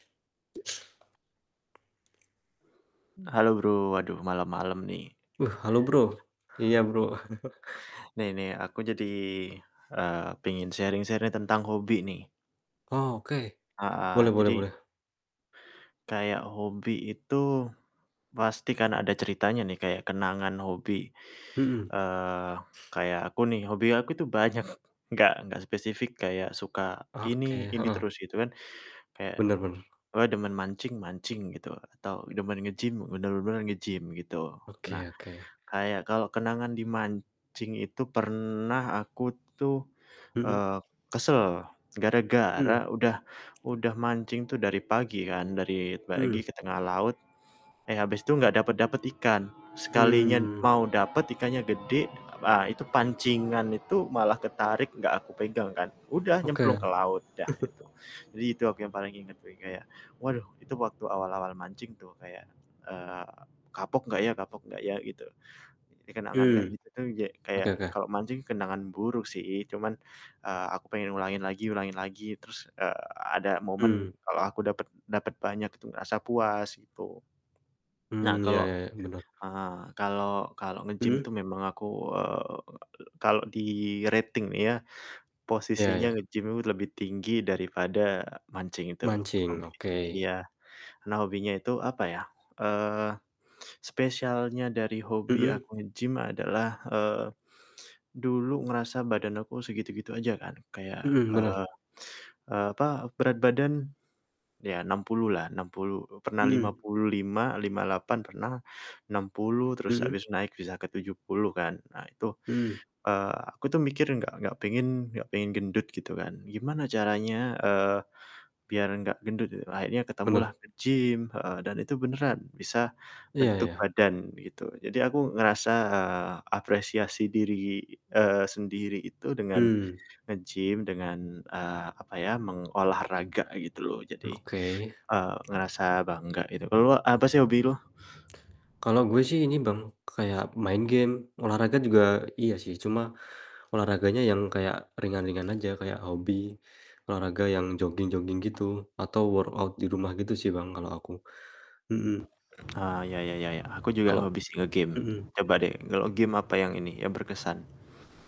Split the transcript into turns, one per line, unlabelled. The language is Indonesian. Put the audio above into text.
Halo Bro, aduh malem-malem nih.
Uh, halo, Bro, iya Bro.
Nih nih, aku jadi, eee, pengen sharing-sharing tentang hobi nih.
Oke.
Heeh.
Boleh boleh
Jadi
boleh.
kayak hobi itu pasti kan ada ceritanya nih kayak kenangan hobi,
Mhm.
eee, kayak aku nih hobi aku tuh banyak enggak enggak spesifik kayak suka
Oke,
ini, ini
heeh.
terus gitu kan. Kayak
Bener bener.
gue demen mancing mancing gitu atau demen nge-gym, bener-bener nge-gym gitu. Nah,
Oke oke.
kayak kalau kenangan di mancing itu pernah aku tuh,
Mhm.
eee, kesel
Mhm.
gara-gara udah udah mancing tuh dari pagi kan, dari pagi
Mhm.
ke tengah laut, eh, habis itu gak dapet-dapet ikan. Sekalinya
Mmm.
mau dapet ikannya gede, ah, itu pancingan itu malah ketarik gak aku pegang kan, udah nyemplung
Oke,
ke laut dah itu. Jadi itu aku yang paling inget wi kayak waduh itu waktu awal-awal mancing tuh kayak, eee, kapok gak ya kapok gak ya gitu. Jadi kenangan kayak
Mhm,
gitu tuh ye
oke
kayak
oke.
kalau mancing kenangan buruk sih, cuman, eee, aku pengen ulangin lagi ulangin lagi terus, eee, ada momen
Mmm.
kalau aku dapet dapet banyak itu ngerasa puas gitu. Nah,
Mmm, ya
kalau,
ya ya. Bener.
eee, kalau kalau nge-gym itu
Mhm.
memang aku, eee, kalau di-rating ya,
Ya
posisinya
ya.
nge-gym lebih tinggi daripada mancing itu,
Mancing,
hobi.
oke.
Iya. Nah, hobinya itu apa ya, eee, spesialnya dari hobi
Mhm.
aku nge-gym adalah, eee, dulu ngerasa badan aku segitu-gitu aja kan kayak,
Mhm, bener.
eee eee, apa, berat badan ya, 60 kg lah, 60 kg pernah lima
Mmm.
puluh lima, lima delapan pernah, 60 kg terus
Mhm.
habis naik bisa ke 70 kg kan. Nah, itu,
Mmm.
eee, aku tuh mikir gak gak pengen gak pengen gendut gitu kan. Gimana caranya, eee, biar gak gendut gitu. Akhirnya ketemulah
Bener.
nge-gym heeh. Dan itu beneran bisa
Iya
bentuk
iya.
badan gitu. Jadi aku ngerasa, eee, apresiasi diri, eee, sendiri itu dengan
Mmm.
nge-gym dengan, eee, apa ya, mengolah raga gitu loh jadi,
Oke.
eee, ngerasa bangga gitu. Kalau lu apa sih hobi lu?
Kalo gue sih ini Bang kayak main game, olahraga juga iya sih. Cuma olahraganya yang kayak ringan-ringan aja kayak hobi olahraga yang joging-joging gitu atau workout di rumah gitu sih Bang kalo aku, mhm.
Eee, ya ya ya, aku juga
Kalo
hobi sih nge-game
mhm.
coba deh kalau game apa yang ini yang berkesan?